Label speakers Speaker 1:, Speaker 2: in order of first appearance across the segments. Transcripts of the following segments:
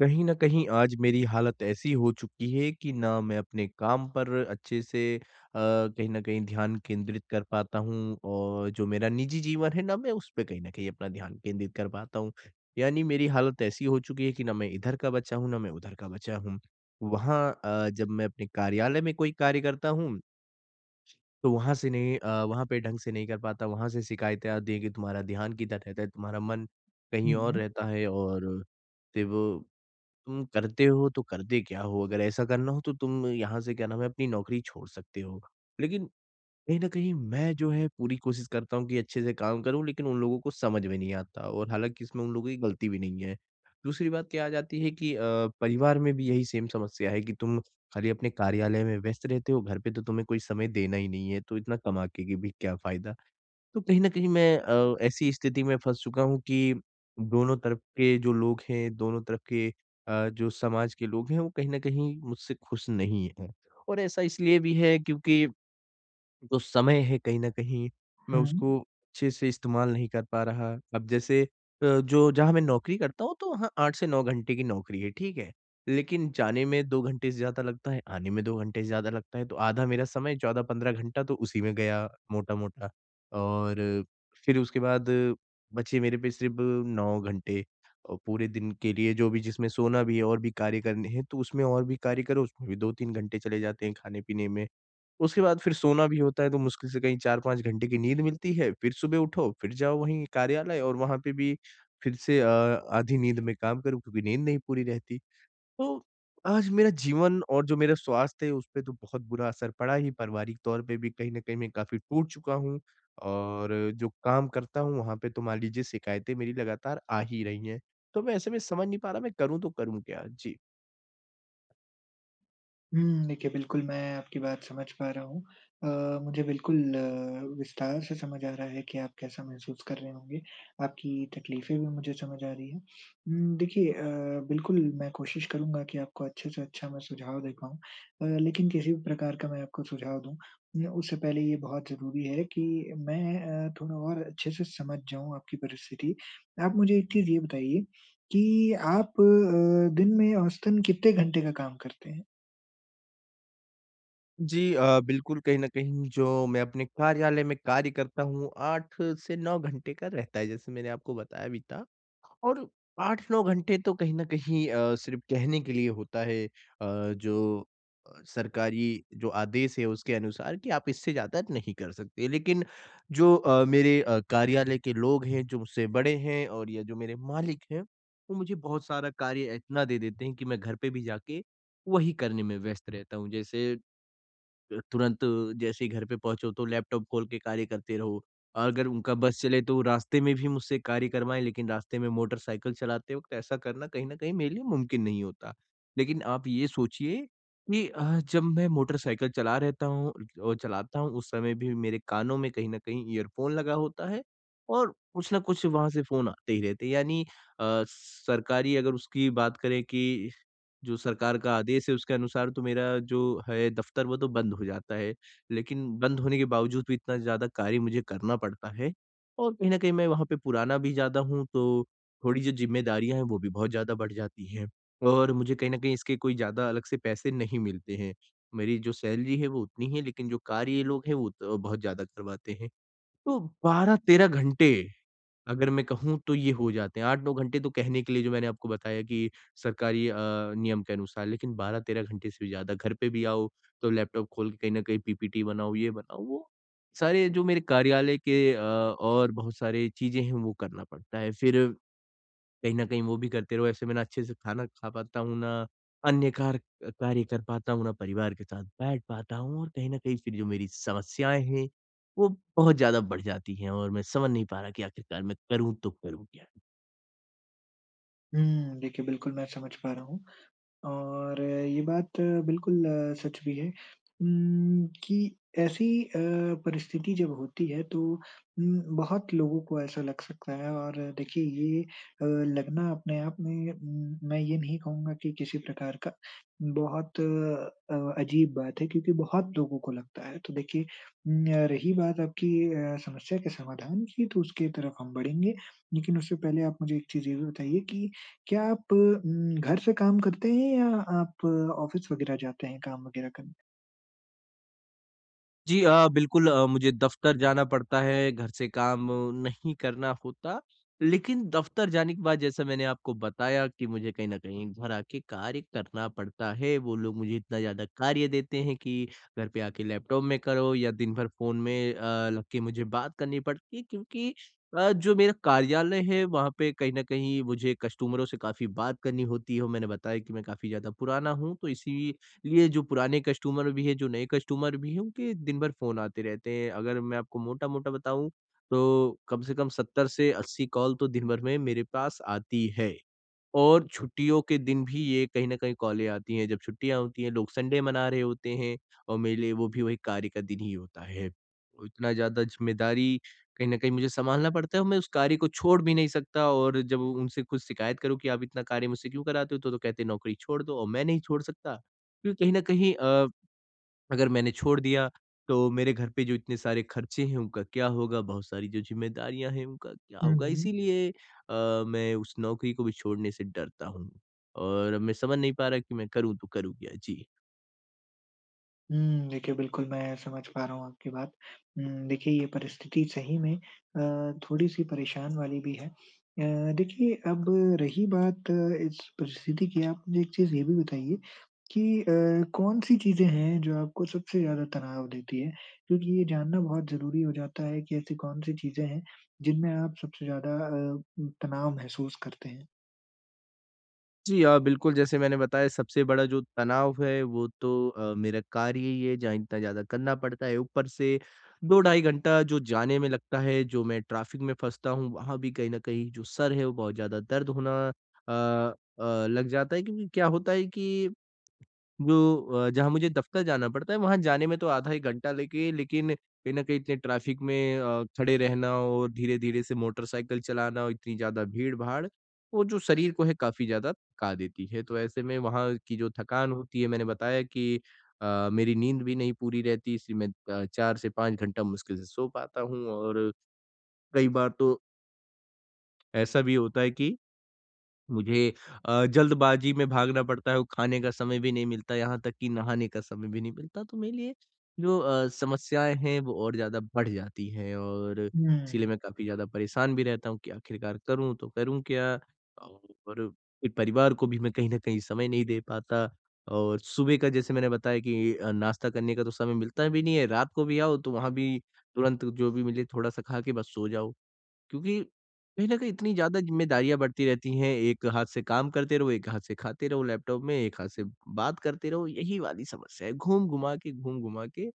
Speaker 1: कहीं ना कहीं आज मेरी हालत ऐसी हो चुकी है कि ना मैं अपने काम पर अच्छे से अ, कहीं ना कहीं ध्यान केंद्रित कर पाता हूँ और जो मेरा निजी जीवन है, ना मैं उस पे कहीं ना कहीं अपना ध्यान केंद्रित कर पाता हूँ। यानी मेरी हालत ऐसी हो चुकी है कि ना मैं इधर का बचा हूँ, ना मैं उधर का बचा हूँ। वहाँ अ, जब मैं अपने कार्यालय में कोई कार्य करता हूँ तो वहाँ से नहीं अ, वहाँ पे ढंग से नहीं कर पाता। वहाँ से शिकायतें आती है कि, "तुम्हारा ध्यान किधर रहता है? तुम्हारा मन कहीं
Speaker 2: हुँ,
Speaker 1: और
Speaker 2: हुँ।
Speaker 1: रहता है और फिर वो तुम करते हो तो करते क्या हो? अगर ऐसा करना हो तो तुम यहाँ से, क्या नाम है, अपनी नौकरी छोड़ सकते हो।" लेकिन, कहीं ना कहीं मैं जो है पूरी कोशिश करता हूँ कि अच्छे से काम करूँ लेकिन उन लोगों को समझ में नहीं आता और हालाँकि, इसमें उन लोगों की गलती भी नहीं है। दूसरी बात क्या आ जाती है कि अ, परिवार में भी यही सेम समस्या है कि, "तुम खाली अपने कार्यालय में व्यस्त रहते हो, घर पे तो तुम्हें कोई समय देना ही नहीं है, तो इतना कमा के कि भी क्या फ़ायदा?" तो कहीं ना कहीं मैं अ, ऐसी स्थिति में फँस चुका हूँ कि दोनों तरफ के जो लोग हैं, दोनों तरफ के अ, जो समाज के लोग हैं, वो कहीं ना कहीं मुझसे खुश नहीं हैं। और ऐसा इसलिए भी है क्योंकि जो समय है कहीं ना कहीं, मैं
Speaker 2: हुँ।
Speaker 1: उसको अच्छे से इस्तेमाल नहीं कर पा रहा। अब जैसे, अ, जो जहाँ मैं नौकरी करता हूँ, तो वहाँ 8 से 9 घंटे की नौकरी है, ठीक है। लेकिन जाने में 2 घंटे से ज़्यादा लगता है, आने में 2 घंटे से ज़्यादा लगता है। तो आधा मेरा समय 14-15 घंटा तो उसी में गया, मोटा-मोटा, और फिर उसके बाद बचे मेरे पे सिर्फ़ 9 घंटे अ, पूरे दिन के लिए, जो भी जिसमें सोना भी है और भी कार्य करने हैं। तो उसमें और भी कार्य करो, उसमें भी 2-3 घंटे चले जाते हैं खाने पीने में। उसके बाद फिर सोना भी होता है, तो मुश्किल से कहीं 4-5 घंटे की नींद मिलती है, फिर सुबह उठो, फिर जाओ वहीं कार्यालय और वहाँ पे भी फिर से अ, आधी नींद में काम करो क्योंकि नींद नहीं पूरी रहती। तो आज मेरा जीवन और जो मेरा स्वास्थ्य है, उसपे तो बहुत बुरा असर पड़ा ही, पारिवारिक तौर पे भी कहीं ना कहीं मैं काफ़ी टूट चुका हूँ, और जो काम करता हूँ, वहाँ पे तो मान लीजिए शिकायतें मेरी लगातार आ ही रही हैं। तो मैं ऐसे में समझ नहीं पा रहा, मैं करूँ तो करूँ क्या? जी।
Speaker 2: हुँ, देखिए, बिल्कुल मैं आपकी बात समझ पा रहा हूँ। अ, मुझे बिल्कुल विस्तार से समझ आ रहा है कि आप कैसा महसूस कर रहे होंगे, आपकी तकलीफ़ें भी मुझे समझ आ रही हैं। उम, देखिए अ, बिल्कुल मैं कोशिश करूँगा कि आपको अच्छे से अच्छा मैं सुझाव दे पाऊँ अ, लेकिन किसी भी प्रकार का मैं आपको सुझाव दूँ, मेरा उससे पहले ये बहुत ज़रूरी है कि मैं अ, थोड़ा और अच्छे से समझ जाऊँ आपकी परिस्थिति। आप मुझे एक चीज़ ये बताइए कि आप अ, दिन में औसतन कितने घंटे का काम करते हैं?
Speaker 1: जी, अ, बिल्कुल कहीं ना कहीं जो मैं अपने कार्यालय में कार्य करता हूँ, 8 से 9 घंटे का रहता है, जैसे मैंने आपको बताया भी था, और 8-9 घंटे तो कहीं ना कहीं अ, सिर्फ़ कहने के लिए होता है, अ, जो अ, सरकारी जो आदेश है उसके अनुसार कि, "आप इससे ज़्यादा नहीं कर सकते।" लेकिन, जो अ, मेरे अ, कार्यालय के लोग हैं, जो मुझसे बड़े हैं और या जो मेरे मालिक हैं, वो मुझे बहुत सारा कार्य इतना दे देते हैं कि मैं घर पे भी जाके वही करने में व्यस्त रहता हूँ, जैसे अ, तुरंत जैसे ही घर पे पहुँचो, तो लैपटॉप खोल के कार्य करते रहो। अगर उनका बस चले तो रास्ते में भी मुझसे कार्य करवाएँ, लेकिन रास्ते में मोटरसाइकिल चलाते वक़्त ऐसा करना कहीं ना कहीं मेरे लिए मुमकिन नहीं होता। लेकिन आप ये सोचिए कि अ, जब मैं मोटरसाइकिल चला रहता हूँ अ, चलाता हूँ, उस समय भी मेरे कानों में कहीं ना कहीं इयरफ़ोन लगा होता है और कुछ न कुछ वहाँ से फ़ोन आते ही रहते हैं। यानी अ, सरकारी अगर उसकी बात करें कि जो सरकार का आदेश है, उसके अनुसार तो मेरा जो है दफ़्तर, वो तो बंद हो जाता है। लेकिन बंद होने के बावजूद भी इतना ज़्यादा कार्य मुझे करना पड़ता है, और कहीं ना कहीं मैं वहाँ पे पुराना भी ज़्यादा हूँ, तो थोड़ी जो ज़िम्मेदारियाँ हैं, वो भी बहुत ज़्यादा बढ़ जाती हैं और मुझे कहीं ना कहीं इसके कोई ज़्यादा अलग से पैसे नहीं मिलते हैं। मेरी जो सैलरी है वो उतनी है, लेकिन जो कार्य ये लोग हैं, वो त बहुत ज़्यादा करवाते हैं। तो 12-13 घंटे, अगर मैं कहूँ तो ये हो जाते हैं, 8-9 घंटे तो कहने के लिए जो मैंने आपको बताया कि सरकारी अ, नियम के अनुसार, लेकिन 12-13 घंटे से भी ज़्यादा। घर पे भी आओ, तो लैपटॉप खोल के कहीं ना कहीं पीपीटी बनाओ, ये बनाओ, वो सारे ये जो मेरे कार्यालय के अ, और बहुत सारे चीज़ें हैं, वो करना पड़ता है। फिर, कहीं ना कहीं वो भी करते रहो, ऐसे मैं ना अच्छे से खाना खा पाता हूँ, ना अन्य कार अ, कार्य कर पाता हूँ, ना परिवार के साथ बैठ पाता हूँ और कहीं ना कहीं फिर जो मेरी समस्याएँ हैं, वो बहुत ज़्यादा बढ़ जाती हैं, और मैं समझ नहीं पा रहा कि आखिरकार मैं करूँ तो करूँ क्या?
Speaker 2: हुँ, देखिए, बिल्कुल मैं समझ पा रहा हूँ, और ये बात बिल्कुल सच भी है उम्, कि ऐसी अ, परिस्थिति जब होती है तो उम, बहुत लोगों को ऐसा लग सकता है और देखिए ये अ, लगना अपने आप में मैं ये नहीं कहूँगा कि किसी प्रकार का बहुत, अ, अजीब बात है क्योंकि बहुत लोगों को लगता है। तो देखिए उम, य रही बात आपकी अ, समस्या के समाधान की, तो उसके तरफ हम बढ़ेंगे, लेकिन उससे पहले आप मुझे एक चीज़ ये भी बताइए की क्या आप उम, घर से काम करते हैं या आप ऑफ़िस वगैरह जाते हैं काम वगैरह करने?
Speaker 1: जी अ, बिल्कुल अ, मुझे दफ़्तर जाना पड़ता है, घर से काम नहीं करना होता। लेकिन दफ़्तर जाने के बाद जैसा मैंने आपको बताया कि मुझे कहीं ना कहीं घर आके कार्य करना पड़ता है। वो लोग मुझे इतना ज़्यादा कार्य देते हैं कि घर पे आके लैपटॉप में करो या दिन भर फ़ोन में अ, लग के मुझे बात करनी पड़ती है क्योंकि अ, जो मेरा कार्यालय है, वहाँ पे कहीं न कहीं मुझे कस्टमरों से काफ़ी बात करनी होती है और मैंने बताया कि मैं काफ़ी ज़्यादा पुराना हूँ, तो इसीलिए जो पुराने कस्टमर भी हैं, जो नए कस्टमर भी हैं, उनके दिन भर फ़ोन आते रहते हैं। अगर मैं आपको मोटा-मोटा बताऊँ, तो कम से कम 70 से 80 कॉल तो दिन भर में मेरे पास आती हैं, और छुट्टियों के दिन भी ये कहीं ना कहीं कॉलें आती हैं। जब छुट्टियाँ होती हैं, लोग संडे मना रहे होते हैं और मेरे लिए वो भी वो एक कार्य का दिन ही होता है। इतना ज़्यादा ज़िम्मेदारी कहीं ना कहीं मुझे संभालना पड़ता है और मैं उस कार्य को छोड़ भी नहीं सकता और जब उ उनसे कुछ शिकायत करूँ कि, "आप इतना कार्य मुझसे क्यों कराते हो?" तो तो कहते हैं, "नौकरी छोड़ दो।" और मैं नहीं छोड़ सकता। क्यों कहीं ना कहीं अ, अगर मैंने छोड़ दिया, तो मेरे घर पे जो इतने सारे खर्चे हैं, उनका क्या होगा? बहुत सारी जो ज़िम्मेदारियाँ हैं, उनका क्या
Speaker 2: हुँ,
Speaker 1: होगा?
Speaker 2: हुँ।
Speaker 1: इसीलिए अ, मैं उस नौकरी को भी छोड़ने से डरता हूँ, और मैं समझ नहीं पा रहा कि मैं करू तो करू क्या? जी।
Speaker 2: हुँ, देखिए, बिल्कुल मैं समझ पा रहा हूँ आपकी बात। उम, देखिए ये परिस्थिति सही में अ, थोड़ी-सी परेशान वाली भी है। अ, देखिए अब रही बात इस परिस्थिति की, आप मुझे एक चीज़ ये भी बताइए कि अ, कौन-सी चीज़ें हैं, जो आपको सबसे ज़्यादा तनाव देती हैं? क्योंकि ये जानना बहुत ज़रूरी हो जाता है कि ऐसी कौन-सी चीज़ें हैं, जिनमें आप सबसे ज़्यादा अ, तनाव महसूस करते हैं।
Speaker 1: जी हाँ, बिल्कुल, जैसे मैंने बताया सबसे बड़ा जो तनाव है, वो तो अ, मेरा कार्य ही है जहाँ इतना ज़्यादा करना पड़ता है। ऊपर से 2 ढाई घंटा जो जाने में लगता है, जो मैं ट्रैफिक में फँसता हूँ, वहाँ भी कहीं ना कहीं जो सर है, वो बहुत ज़्यादा दर्द होना अ, अ, लग जाता है क्योंकि क्या होता है कि, जो अ, जहाँ मुझे दफ़्तर जाना पड़ता है, वहाँ जाने में तो आधा एक घंटा लेके लेकिन कहीं ना कहीं इतने ट्रैफिक में अ, खड़े रहना और धीरे-धीरे से मोटरसाइकिल चलाना, इतनी ज़्यादा भीड़-भाड़, वो जो शरीर को है काफ़ी ज़्यादा थका देती है। तो ऐसे में वहाँ की जो थकान होती है, मैंने बताया कि अ, मेरी नींद भी नहीं पूरी रहती इसलिए मैं अ, 4 से 5 घंटा मुश्किल से सो पाता हूँ और, कई बार तो ऐसा भी होता है कि, मुझे अ, जल्दबाज़ी में भागना पड़ता है, वो खाने का समय भी नहीं मिलता, यहाँ तक कि नहाने का समय भी नहीं मिलता। तो मेरे लिए जो अ, समस्याएँ हैं, वो और ज़्यादा बढ़ जाती हैं और, इसीलिए
Speaker 2: हुँ।
Speaker 1: मैं काफ़ी ज़्यादा परेशान भी रहता हूँ कि आखिरकार करूँ तो करूँ क्या? और फिर परिवार को भी मैं कहीं न कहीं समय नहीं दे पाता और सुबह का जैसे मैंने बताया कि अ, नाश्ता करने का तो समय मिलता भी नहीं है। रात को भी आओ, तो वहाँ भी तुरंत जो भी मिले थोड़ा-सा खा के बस सो जाओ क्योंकि कहीं ना कहीं इतनी ज़्यादा ज़िम्मेदारियाँ बढ़ती रहती हैं, एक हाथ से काम करते रहो, एक हाथ से खाते रहो लैपटॉप में, एक हाथ से बात करते रहो, यही वाली समस्या है। घूम-घुमा के, घूम-घुमा के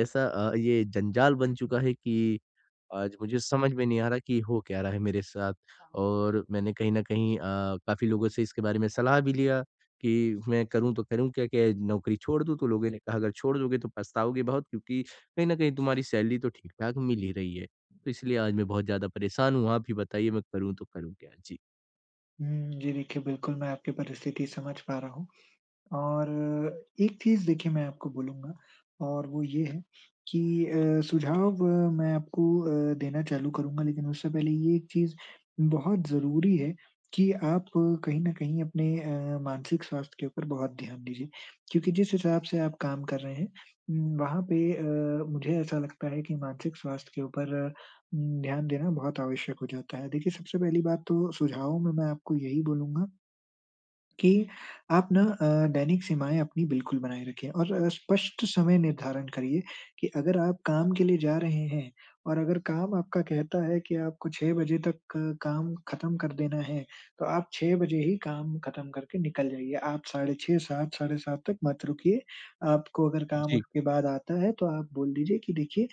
Speaker 1: ऐसा अ, ये जंजाल बन चुका है कि आज मुझे समझ में नहीं आ रहा कि हो क्या रहा है मेरे साथ? और मैंने कहीं ना कहीं अ, काफ़ी लोगों से इसके बारे में सलाह भी लिया कि, "मैं करूँ तो करूँ क्या? क्या नौकरी छोड़ दूँ?" तो लोगों ने कहा, "अगर छोड़ दोगे, तो पछताओगे बहुत क्योंकि कहीं ना कहीं तुम्हारी सैलरी तो ठीक-ठाक मिल ही रही है।" तो इसलिए आज मैं बहुत ज़्यादा परेशान हूँ। आप ही बताइए, मैं करूँ तो करूँ क्या? जी।
Speaker 2: हुँ, जी देखिए, बिल्कुल मैं आपकी परिस्थिति समझ पा रहा हूँ, और एक चीज़ देखिए, मैं आपको बोलूँगा और वो ये है कि अ, सुझाव मैं आपको अ, देना चालू करूँगा, लेकिन उससे पहले ये चीज़ बहुत ज़रूरी है कि आप कहीं ना कहीं अपने अ, मानसिक स्वास्थ्य के ऊपर बहुत ध्यान दीजिए। क्योंकि जिस हिसाब से आप काम कर रहे हैं वहाँ पे अ, मुझे ऐसा लगता है कि मानसिक स्वास्थ्य के ऊपर उम, ध्यान देना बहुत आवश्यक हो जाता है। देखिए, सबसे पहली बात तो सुझाव में मैं आपको यही बोलूँगा कि आप ना अ, दैनिक सीमाएँ अपनी बिल्कुल बनाए रखिए और स्पष्ट समय निर्धारण करिए कि अगर आप काम के लिए जा रहे हैं, और अगर काम आपका कहता है कि आपको 6 बजे तक क काम खत्म कर देना है, तो आप 6 बजे ही काम खत्म करके निकल जाइए। आप साढ़े 6, 7, साढ़े 7 तक मत रुकिए, आपको अगर काम
Speaker 1: जी।
Speaker 2: उसके बाद आता है तो आप बोल दीजिए कि, "देखिए,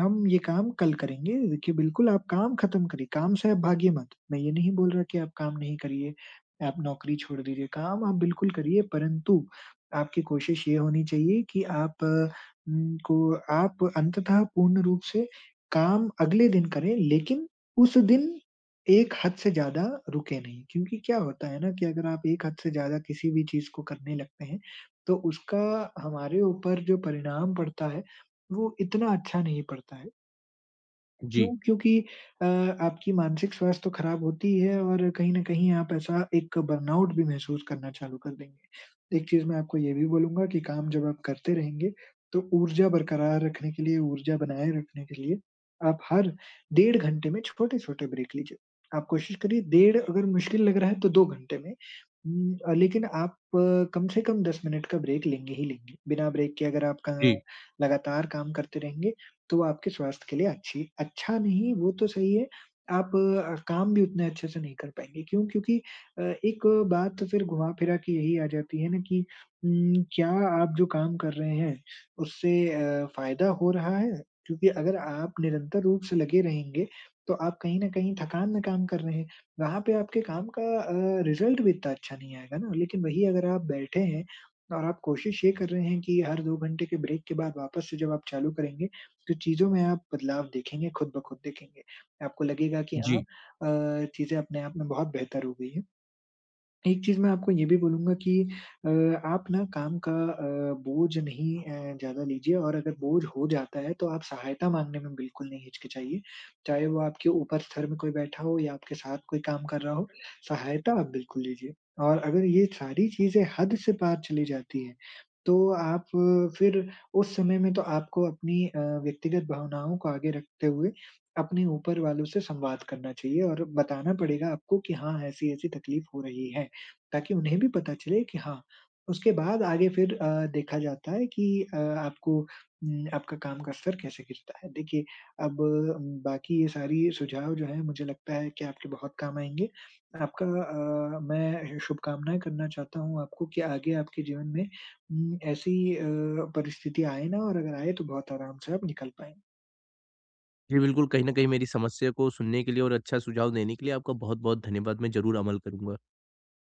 Speaker 2: हम ये काम कल करेंगे।" देखिए, बिल्कुल आप काम खत्म करिए, काम से आप भागिये मत। मैं ये नहीं बोल रहा कि आप काम नहीं करिए, आप नौकरी छोड़ दीजिए। काम आप बिल्कुल करिए, परंतु आपकी कोशिश ये होनी चाहिए कि आप उम, को आप अंततः पूर्ण रूप से काम अगले दिन करें, लेकिन उस दिन एक हद से ज़्यादा रुके नहीं। क्योंकि क्या होता है ना कि अगर आप एक हद से ज़्यादा किसी भी चीज़ को करने लगते हैं, तो उसका हमारे ऊपर जो परिणाम पड़ता है, वो इतना अच्छा नहीं पड़ता है।
Speaker 1: जी।
Speaker 2: क्यों? क्योंकि अ, आपकी मानसिक स्वास्थ्य तो खराब होती ही है और कहीं ना कहीं आप ऐसा एक बर्नआउट भी महसूस करना चालू कर देंगे। एक चीज़ मैं आपको ये भी बोलूँगा कि काम जब आप करते रहेंगे, तो ऊर्जा बरकरार रखने के लिए, ऊर्जा बनाए रखने के लिए आप हर डेढ़ घंटे में छोटे-छोटे ब्रेक लीजिए। आप कोशिश करिए डेढ़ अगर मुश्किल लग रहा है, तो 2 घंटे में, उम, अ, लेकिन आप कम से कम 10 मिनट का ब्रेक लेंगे ही लेंगे। बिना ब्रेक के अगर आप कँ
Speaker 1: जी।
Speaker 2: लगातार काम करते रहेंगे, तो आपके स्वास्थ्य के लिए अच्छी अच्छा नहीं, वो तो सही है, आप अ, काम भी उतने अच्छे से नहीं कर पाएँगे। क्यों? क्योंकि अ, एक बात फिर घुमा-फिरा के यही आ जाती है ना कि उम, क्या आप जो काम कर रहे हैं, उससे अ, फ़ायदा हो रहा है? क्योंकि अगर आप निरंतर रूप से लगे रहेंगे, तो आप कहीं ना कहीं थकान में काम कर रहे हैं। वहाँ पे आपके काम का अ, रिज़ल्ट भी इतना अच्छा नहीं आएगा ना, लेकिन वही अगर आप बैठे हैं और आप कोशिश ये कर रहे हैं कि हर 2 घंटे के ब्रेक के बाद वापस से जब आप चालू करेंगे, तो चीज़ों में आप बदलाव देखेंगे, खुद-ब-खुद देखेंगे। आपको लगेगा कि हाँ,
Speaker 1: जी।
Speaker 2: अ, चीज़ें अपने आप में बहुत बेहतर हो गयी हैं। एक चीज़ मैं आपको ये भी बोलूँगा कि अ, आप ना काम का अ, बोझ नहीं अ, ज़्यादा लीजिए और अगर बोझ हो जाता है, तो आप सहायता मांगने में बिल्कुल नहीं हिचकिचाइए, चाहे वो आपके ऊपर स्तर में कोई बैठा हो या आपके साथ कोई काम कर रहा हो, सहायता आप बिल्कुल लीजिए। और अगर ये सारी चीज़ें हद से पार चली जाती हैं, तो आप फिर उस समय में तो आपको अपनी अ, व्यक्तिगत भावनाओं को आगे रखते हुए अपने ऊपर वालों से संवाद करना चाहिए और बताना पड़ेगा आपको कि," हाँ, ऐसी-ऐसी तकलीफ़ हो रही है।" ताकि उन्हें भी पता चले कि हाँ उसके बाद आगे फिर अ, देखा जाता है कि अ, आपको उम, आपका काम का स्तर कैसे गिरता है। देखिए, अब बाकी ये सारी सुझाव जो हैं, मुझे लगता है कि आपके बहुत काम आएँगे। आपका अ, मैं ऐसे शुभकामनाएँ करना चाहता हूँ आपको कि आगे आपके जीवन में उम, ऐसी अ, परिस्थिति आए ना और अगर आए, तो बहुत आराम से आप निकल पाएँ।
Speaker 1: जी बिल्कुल, कहीं ना कहीं मेरी समस्या को सुनने के लिए और अच्छा सुझाव देने के लिए आपका बहुत-बहुत धन्यवाद, मैं ज़रूर अमल करूँगा।